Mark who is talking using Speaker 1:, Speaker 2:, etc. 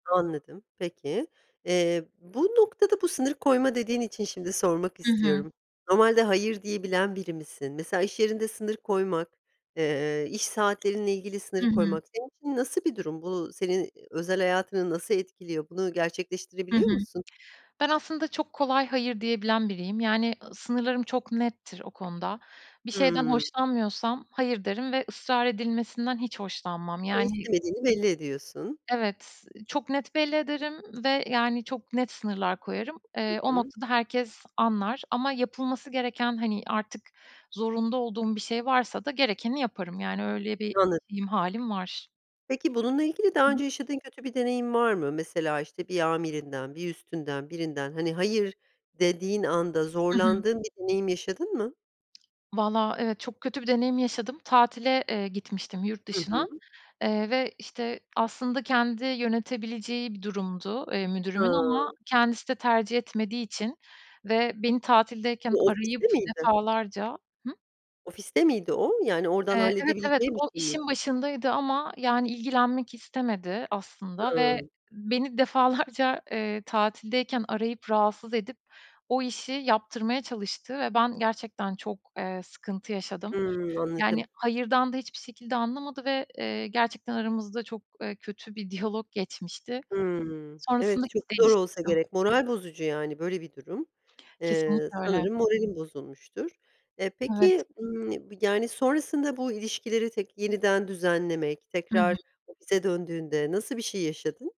Speaker 1: Anladım. Peki, eee, bu noktada, bu sınırı koyma dediğin için şimdi sormak
Speaker 2: Hı hı.
Speaker 1: istiyorum. Normalde, hayır diyebilen biri misin? Mesela iş yerinde sınır koymak, eee, iş saatlerinle ilgili sınır
Speaker 2: Hı hı.
Speaker 1: koymak, senin için nasıl bir durum? Bu senin özel hayatını nasıl etkiliyor? Bunu
Speaker 2: Hı
Speaker 1: gerçekleştirebiliyor
Speaker 2: hı.
Speaker 1: musun?
Speaker 2: Ben, aslında çok kolay hayır diyebilen biriyim. Yani, sınırlarım çok nettir o konuda. Bir şeyden
Speaker 1: Hıı.
Speaker 2: hoşlanmıyorsam, hayır derim ve ısrar edilmesinden hiç hoşlanmam.
Speaker 1: Hı,
Speaker 2: Yani
Speaker 1: istemediğini belli ediyorsun.
Speaker 2: Evet, çok net belli ederim ve yani çok net sınırlar koyarım.
Speaker 1: Hı
Speaker 2: Eee, o
Speaker 1: hı.
Speaker 2: noktada herkes anlar ama yapılması gereken, hani, artık zorunda olduğum bir şey varsa da, gerekeni yaparım. Yani, öyle, bir
Speaker 1: Anlad
Speaker 2: [unintelligible] halim var.
Speaker 1: Peki, bununla ilgili daha
Speaker 2: Hı hı.
Speaker 1: önce yaşadığın kötü bir deneyim var mı? Mesela, işte, bir amirinden, bir üstünden, birinden, hani hayır dediğin anda,
Speaker 2: Hı hı.
Speaker 1: zorlandığın bir deneyim yaşadın mı?
Speaker 2: Vallahi evetö çok kötü bir deneyim yaşadım. Tatile, eee, gitmiştim yurt
Speaker 1: Hı
Speaker 2: dışına,
Speaker 1: hı.
Speaker 2: eee, ve, işte, aslında kendi yönetebileceği bir durumdu, eee, müdürümün.
Speaker 1: Ha.
Speaker 2: Ama kendisi de tercih etmediği için, ve beni tatildeyken
Speaker 1: O,
Speaker 2: arayıp
Speaker 1: ofiste miydi?
Speaker 2: defalarca Hı?
Speaker 1: Ofiste miydi o? Yani oradan
Speaker 2: Eee, evet, evet,
Speaker 1: halledebileceği
Speaker 2: o,
Speaker 1: birşey
Speaker 2: işin
Speaker 1: miydi?
Speaker 2: başındaydı ama, yani ilgilenmek istemedi aslında ve
Speaker 1: Hıı.
Speaker 2: beni defalarca, eee, tatildeyken arayıp rahatsız edip, o işi, yaptırmaya çalıştı ve ben gerçekten çok, eee, sıkıntı yaşadım.
Speaker 1: Hıı. Anladım.
Speaker 2: Yani, hayırdan da hiçbir şekilde anlamadı ve, eee, gerçekten aramızda çok, eee, kötü bir diyalog geçmişti.
Speaker 1: Hıı.
Speaker 2: Sonrasında
Speaker 1: Evet, çok
Speaker 2: iş
Speaker 1: zor olsa
Speaker 2: değiştirdim.
Speaker 1: gerek, moral bozucu yani, böyle bir durum, eee,
Speaker 2: Kesinlikle öyle.
Speaker 1: sanırım moralin bozulmuştur. Eee,
Speaker 2: Evet.
Speaker 1: peki, ımm, yani sonrasında bu ilişkileri tek yeniden düzenlemek,
Speaker 2: Hı
Speaker 1: tekrar
Speaker 2: hı.
Speaker 1: ofise döndüğünde nasıl bir şey yaşadın?